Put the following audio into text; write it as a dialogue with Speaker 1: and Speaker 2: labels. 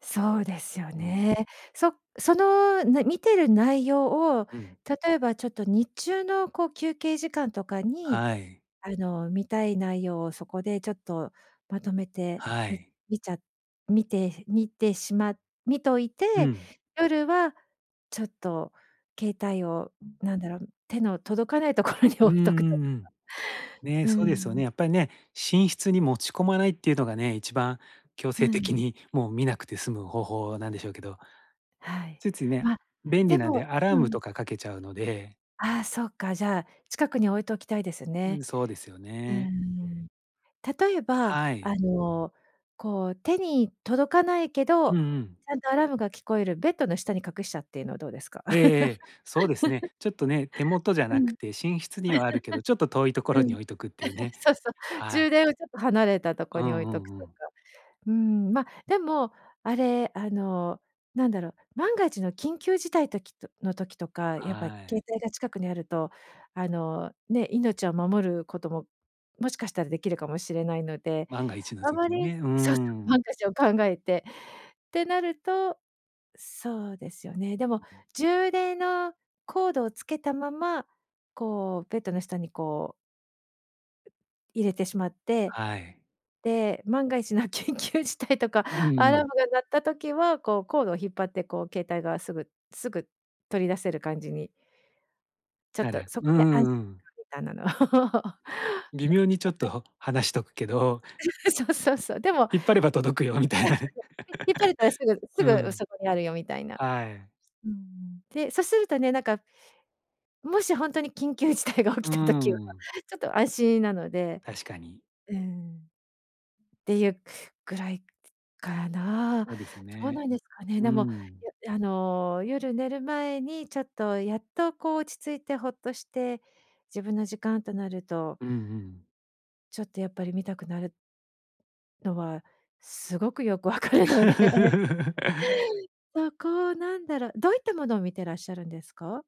Speaker 1: そうですよ
Speaker 2: うん。
Speaker 1: ね。そ-その、な見てる内容を
Speaker 2: うん。
Speaker 1: 例えばちょっと日中の、こう、休憩時間とかに、
Speaker 2: はい。
Speaker 1: あの、見たい内容をそこでちょっとまとめて、
Speaker 2: は
Speaker 1: 見
Speaker 2: い。
Speaker 1: 見ちゃ見て見てしま見とい
Speaker 2: う
Speaker 1: て、
Speaker 2: ん。
Speaker 1: 夜はちょっと携帯を、何だろう、手の届かないところに
Speaker 2: うん
Speaker 1: 置
Speaker 2: う
Speaker 1: いとくとか。
Speaker 2: んうん。ね、
Speaker 1: う
Speaker 2: そうですよね。
Speaker 1: ん。
Speaker 2: やっぱりね、寝室に持ち込まないっていうのがね、一番強
Speaker 1: う
Speaker 2: 制的
Speaker 1: ん。
Speaker 2: に、もう、見なくて済む方法なんでしょうけど
Speaker 1: はい。
Speaker 2: ついついね、
Speaker 1: ま、
Speaker 2: 便
Speaker 1: で
Speaker 2: 利なん
Speaker 1: も
Speaker 2: でアラー
Speaker 1: う
Speaker 2: ム
Speaker 1: ん。
Speaker 2: とかかけちゃうので。
Speaker 1: あ、そうか、じゃ、近くに置いておきたいです
Speaker 2: うん、
Speaker 1: ね。
Speaker 2: そうですよ
Speaker 1: うー
Speaker 2: ね。
Speaker 1: ん。例えば、
Speaker 2: は
Speaker 1: あ
Speaker 2: い。
Speaker 1: の、こう、手に届かないけど、
Speaker 2: うんうん。
Speaker 1: ちゃんとアラームが聞こえるベッドの下に隠しちゃってのはどうですか？
Speaker 2: ええ、そうです ね。ちょっとね、手元じゃ
Speaker 1: うん。
Speaker 2: なく て、寝室にはあるけど、ちょっと遠い所
Speaker 1: う
Speaker 2: に
Speaker 1: ん。
Speaker 2: 置いとくっていう ね。
Speaker 1: そうそう。
Speaker 2: は
Speaker 1: 充
Speaker 2: い。
Speaker 1: 電をちょっと離れたとこ
Speaker 2: う
Speaker 1: に置
Speaker 2: ん
Speaker 1: い
Speaker 2: う
Speaker 1: とく
Speaker 2: んう
Speaker 1: とか。
Speaker 2: ん。
Speaker 1: うん、ま、でも、あれ、あの、なんだろう、万が一の緊急事態時との時とか、やっぱ
Speaker 2: はい。
Speaker 1: 携帯が近くにあると、あの、ね、命を守ることも、もしかしたらできるかもしれないので。
Speaker 2: 万が一の
Speaker 1: あま
Speaker 2: 時に
Speaker 1: り
Speaker 2: ね、うー
Speaker 1: そうそう、
Speaker 2: ん。
Speaker 1: 万が一を考えて、てなると、そうですよね。でも充電のコードをつけたまま、こう、ベッドの下に、こう入れてしまって、
Speaker 2: はい。
Speaker 1: で、万が一の緊急事態とか
Speaker 2: うんう
Speaker 1: アラー
Speaker 2: ん。
Speaker 1: ムが鳴った時は、こう、コードを引っ張って、こう、携帯がすぐすぐ取り出せる感じにちょっ
Speaker 2: な
Speaker 1: と、
Speaker 2: る
Speaker 1: そ
Speaker 2: う
Speaker 1: こ
Speaker 2: ん
Speaker 1: で安
Speaker 2: うんうん。
Speaker 1: みたいなのを。
Speaker 2: 微妙にちょっ と離しとくけど
Speaker 1: そうそうそう。でも
Speaker 2: 引っ張れば届くよみ
Speaker 1: そうそうそ
Speaker 2: たいなね。
Speaker 1: う。ひ引っ張れたらすぐ す
Speaker 2: う
Speaker 1: ぐ
Speaker 2: ん。
Speaker 1: そこにあるよみたいな。
Speaker 2: はい。
Speaker 1: うん。で、そうするとね、なんかもし、本当に緊急事態が起
Speaker 2: うー
Speaker 1: きた時は
Speaker 2: ん。
Speaker 1: ちょっと安心なので。
Speaker 2: 確かに。
Speaker 1: うん。ていうぐらいかな。
Speaker 2: そうです
Speaker 1: どう
Speaker 2: ね。
Speaker 1: なんですかね。
Speaker 2: う
Speaker 1: でも、
Speaker 2: ーん。
Speaker 1: いやあの、夜寝る前にちょっとやっと、こう、落ち着いてほっとして自分の時間となると
Speaker 2: うんうん。
Speaker 1: ちょっと、やっぱり見たくなるのはすごくよくわかるので、そこをなんだろう。どういったものを見てらっしゃるんですか？